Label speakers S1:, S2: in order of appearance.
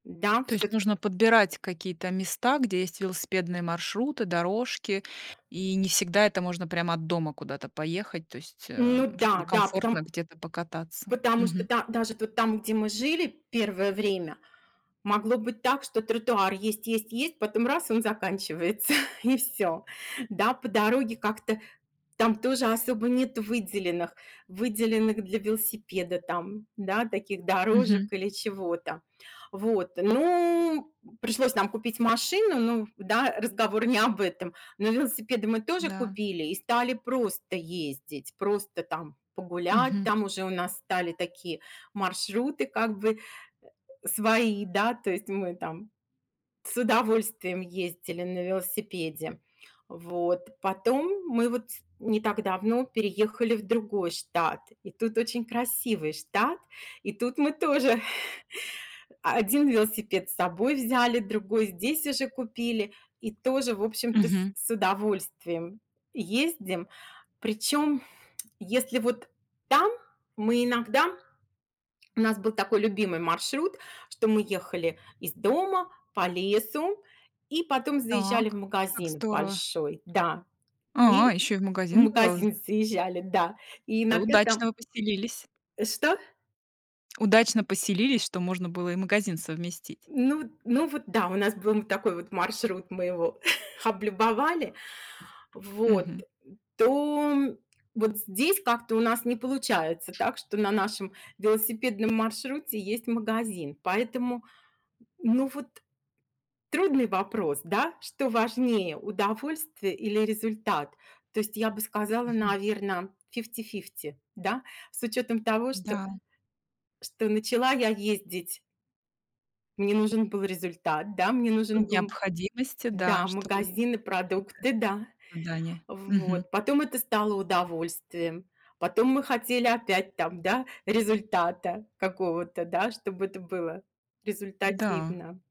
S1: Да,
S2: То
S1: всё
S2: есть
S1: т
S2: нужно подбирать какие-то места, где есть велосипедные маршруты, дорожки, и не всегда это можно прямо от дома куда-то поехать, то есть,
S1: Ну
S2: эм,
S1: да,
S2: чтобы
S1: да.
S2: комфортно
S1: Потом
S2: где-то покататься.
S1: Потому что
S2: Мгм.
S1: да даже вот там, где мы жили первое время, могло быть так, что тротуар есть, есть, есть, потом раз- и он заканчивается, и всё. Да, по дороге как-то там тоже особо нету выделенных, выделенных для велосипеда, там, да, таких дорожек
S2: Мгм.
S1: или чего-то. Вот. Ну, м, пришлось нам купить машину. Ну да, разговор не об этом, но велосипеды мы тоже
S2: Да.
S1: купили и стали просто ездить, просто, там, погулять.
S2: Мгм.
S1: Там уже у нас стали такие маршруты как бы, э, э, свои, да. То есть мы там с удовольствием ездили на велосипеде. Вот. Потом мы вот не так давно переехали в другой штат, и тут очень красивый штат, и тут мы тоже 1 велосипед с собой взяли, другой здесь уже купили и тоже, в общем-то, с
S2: Мгм.
S1: с удовольствием ездим. Причем если вот там мы иногда у нас был такой любимый маршрут, что мы ехали из дома по лесу и потом заезжали в
S2: Так, как
S1: магазин в
S2: здорово.
S1: большой. Да.
S2: А,
S1: И
S2: ещё и в
S1: в
S2: магазин бывал з
S1: магазин заезжали, да. И
S2: Это
S1: иногда
S2: удачно
S1: там
S2: вы поселились.
S1: Э. Что?
S2: Удачно поселились, что можно было и магазин совместить.
S1: Ну вот ну вот, да, у нас был, м, такой вот маршрут, мы его облюбовали. Вот,
S2: Мгм.
S1: м, то, м, вот здесь как-то у нас не получается так, что на нашем велосипедном маршруте есть магазин. Поэтому, ну, вот трудный вопрос, да? Что важнее: удовольствие или результат? То есть я бы сказала,
S2: Мгм.
S1: наверно, фифти-фифти, да? С учетом того, что,
S2: М-да.
S1: что начала я ездить мне нужен был результат, да? Мне
S2: По
S1: нужен был, м,
S2: необходимости, да,
S1: да,
S2: чтобы
S1: магазин и
S2: выполнять какие-то
S1: продукты, да.
S2: задания. Мгм.
S1: Вот, потом это стало удовольствием. Потом мы хотели опять там, да, результата какого-то, да? Чтоб это было
S2: Да.
S1: результативно.